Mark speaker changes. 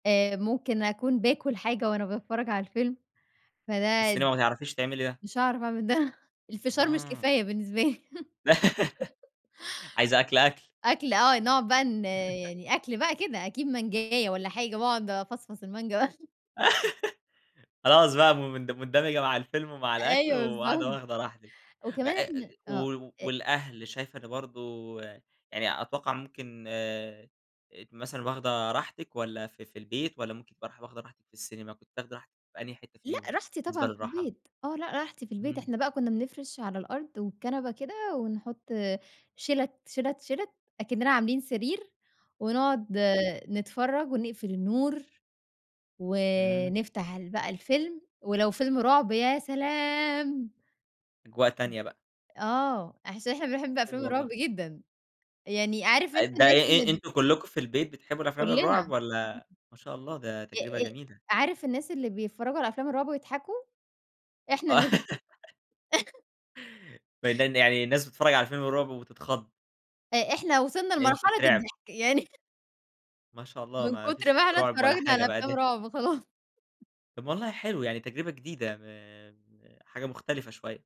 Speaker 1: آآ، ممكن أكون باكل حاجة وأنا باتفرج على الفيلم
Speaker 2: في
Speaker 1: فده
Speaker 2: السينما ما تعرفيش تعملي ده.
Speaker 1: مش هاعرف أعمل ده، الفشار مش
Speaker 2: آه.
Speaker 1: كفاية بالنسبة لي
Speaker 2: عايزة أكل أكل؟
Speaker 1: أكل آه نقعد بقى ن يعني أكل بقى كده أكيد مانجاية والّا حاجة، واقعد افصفص المانجا بقى.
Speaker 2: خلاص بقى م مند مندمجة مع الفيلم ومع الأكل
Speaker 1: أيوه
Speaker 2: وقاعدة
Speaker 1: بالضبط،
Speaker 2: واخدة راحتِك، أ
Speaker 1: وكمان
Speaker 2: أ
Speaker 1: إحنا آه
Speaker 2: و
Speaker 1: أ
Speaker 2: والأهل شايفة ده برضه يعني أتوقع ممكن آآ، مثلًا واخدة راحتك والّا في في البيت، والّا ممكن تبقي راح واخدة راحتك في السينما، كنت تاخدِ راحتِك في أنهي حتة
Speaker 1: لأ
Speaker 2: فيهم
Speaker 1: راحتي
Speaker 2: بالنسبة
Speaker 1: طبعًا في
Speaker 2: للراحة؟
Speaker 1: البيت، آه، لأ راحتي في البيت،
Speaker 2: إمم.
Speaker 1: إحنا بقى كنا بنفرش على الأرض، والكنبة كده ونحط شِلَت، شِلَت، شِلَت، أكننا عاملين سرير، ونقعد
Speaker 2: حلو.
Speaker 1: نتفرج ونقفل النور،
Speaker 2: إمم.
Speaker 1: ونفتح ال بقى الفيلم ولو فيلم رعب يا سلام.
Speaker 2: أجواء تانية بقى.
Speaker 1: آه، أحس إن إحنا بنحب
Speaker 2: حلو
Speaker 1: افلام
Speaker 2: والله.
Speaker 1: الرعب جدًا يعني عارف أنت
Speaker 2: ده آآ
Speaker 1: الناس اللي
Speaker 2: آآ
Speaker 1: ب
Speaker 2: أنتم كلكم في البيت بتحبوا الأفلام الرعب؟
Speaker 1: كلنا
Speaker 2: والّا ما شاء الله ده تجربة
Speaker 1: آه، آآ آآ،
Speaker 2: جميلة.
Speaker 1: عارف الناس اللي بيتفرجوا على أفلام الرعب ويضحكوا، إحنا
Speaker 2: آه.
Speaker 1: الناس دي.
Speaker 2: [unintelligible] يعني الناس بتتفرج على الفيلم الرعب وبتتخض.
Speaker 1: آآ، إحنا وصلنا
Speaker 2: فأنتم
Speaker 1: لمرحلة
Speaker 2: تترعبوا.
Speaker 1: الضحك يعني
Speaker 2: ما شاء الله،
Speaker 1: من
Speaker 2: ما فيش
Speaker 1: كتر
Speaker 2: في
Speaker 1: ما إحنا
Speaker 2: رعب ولا
Speaker 1: اتفرجنا
Speaker 2: حاجة
Speaker 1: على
Speaker 2: بقى
Speaker 1: افلام
Speaker 2: ده
Speaker 1: رعب خلاص.
Speaker 2: طّب والله حلو، يعني تجربة جديدة م م حاجة مختلفة شوية.